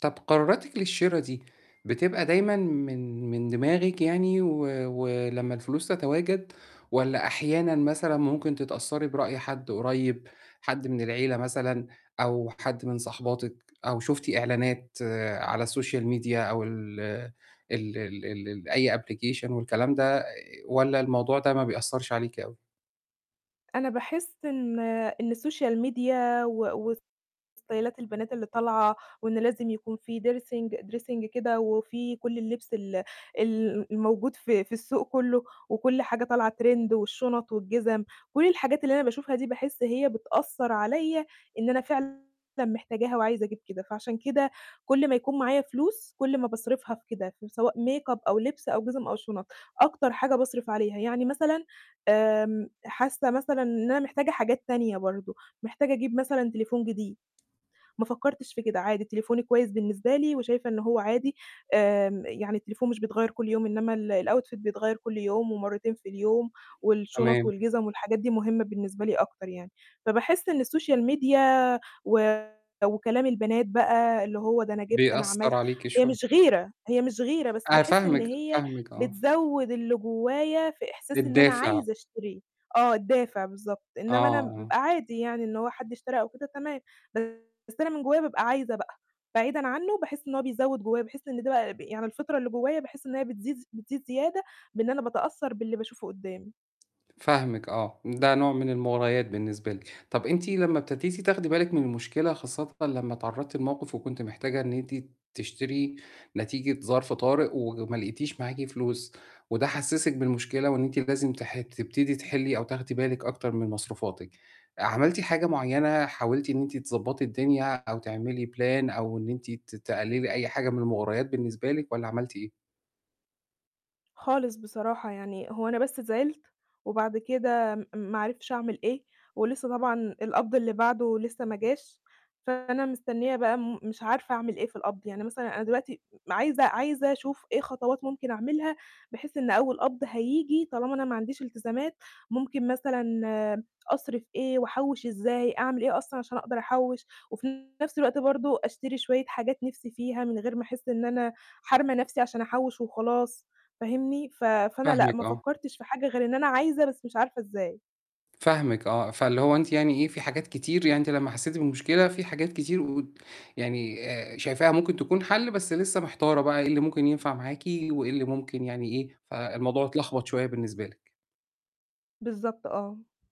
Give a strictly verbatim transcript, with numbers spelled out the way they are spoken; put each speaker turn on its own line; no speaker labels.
طَب قراراتِك للشرا دي، بتبقى دائمًا من من دماغِك يعني و و لمّا الفلوس تتواجد، والَّا أحيانا مثلًا ممكن تتأثّري برأي حد قريّب، حد من العيلة مثلًا، أو حد من صاحباتِك، أو شُفتِ إعلانات على السوشيال ميديا أو ال ال ال ال أي application والكلام ده والَّا الموضوع ده ما بيأثَّرش عليكِ أوي؟
أنا باحس إن إن السوشيال ميديا و وستايلات البنات اللي طالعة، وإن لازم يكون في dersing dressing كده، وفي كُلّ اللبس ال ال الموجود في في السوق كُلّه وكُلّ حاجة طالعة trend والشُنَط والجِزَم، كُلّ الحاجات اللي أنا باشوفها دي باحس هي بتأثّر عليَّ إن أنا فعلًا محتاجاها وعايزة أجيب كده، فعشان كده كُلّ ما يكون معايا فلوس، كُلّ ما باصرفها في كده، سواء ميك أب أو لبس أو جِزَم أو شُنَط، أكتر حاجة باصرف عليها، يعني مثلًا آمم حاسة مثلًا إن أنا محتاجة حاجات تانية برضه، محتاجة أجيب مثلًا تليفون جديد، ما فكّرتش في كده، عادي تليفوني كويس بالنسبة لي، وشايفة إنه هو عادي آآ يعني التليفون مش بيتغيّر كُلّ يوم إنّما ال الoutfit بيتغيّر كُلّ يوم ومرتين في اليوم والشُنَط
تمام.
والجِزَم والحاجات دي مهمة بالنسبة لي أكتر يعني، فباحس إن السوشيال ميديا و وكلام البنات بقى اللي هو ده أنا جِبت، أنا
بيأثّر
عَمَلت،
عليكِ
هي
شوية.
مش غيرة، هي مش غيرة، بس
أنا
باحس إن
فاهمِك،
هي
فاهمِك آه.
بتزوِّد اللي جوايا في إحساس إن أنا
الدافع.
عايزة أشتريه، آه الدافع بالضبط،
آه،
إنّما أنا ب
آه.
عادي يعني إن هو حد اشترى أو كده تمام، بس أنا من جوايا بابقى عايزة بقى، بعيدا عنّه باحس إن هو بيزوِّد جوايا، باحس إن ده بقى يعني الفطرة اللي جوايا باحس إن هي بتزيد ز بتزيد زيادة بإن أنا باتأثّر باللي باشوفُه قُدّامي.
فاهمِك آه، ده نوع من المُغريات بالنسبة لِك، طَب أنتِ لمّا ابتديتِ تاخدي بالِك من المشكلة خاصةً لمّا اتعرضتِ لموقف وكنتِ محتاجة إن أنت تشتري نتيجة ظرف طارئ، وما لقيتيش معاكِ فلوس، وده حسِّسِك بالمشكلة وإن أنتِ لازم تح تبتدي تحلِّي أو تاخدي بالك أكتر من مصروفاتِك، عملتِ حاجة معيّنة حاولتِ إن أنت تضبّطي الدنيا أو تعملي plan أو إن أنتِ ت تقلِّلي أي حاجة من المُغريات بالنسبة لِك والَّا عملتِ إيه؟
خالص بصراحة، يعني هو أنا بس زعِلت، وبعد كده م ما عرفتش أعمل ايه، ولسه طبعًا القبض اللي بعدُه لسَّه ما جاش، فأنا مستنية بقى مش عارفة أعمل إيه في القبض، يعني مثلًا أنا دلوقتي عايزة عايزة أشوف إيه خطوات ممكن أعملها، بحيث إن أول قبض هييجي طالما أنا ما عنديش إلتزامات، ممكن مثلًا أصرف إيه؟ وأحوِّش إزاي؟ أعمل إيه أصلًا عشان أقدر أحوِّش، وفي نَفْس الوقت برضه أشتري شوية حاجات نِفْسي فيها من غير ما أحِسّ إن أنا حارمة نَفْسي عشان أحوِّش وخلاص فاهمني؟ ف فأنا لأ،
فاهمِك
ما
آه.
فكّرتش في حاجة غير إن أنا عايزة بس مش عارفة إزاي.
فاهمِك آه، فاللي هو أنتِ يعني إيه في حاجات كتير يعني أنت لمّا حسيتِ بالمشكلة في حاجات كتير و يعني آآ، شايفاها ممكن تكون حَلّ بس لسه محتارة بقى إيه اللي ممكن ينفع معاكِ وإيه اللي ممكن يعني إيه، فالموضوع اتلخبط شوية بالنسبة لِك.
بالضبط آه.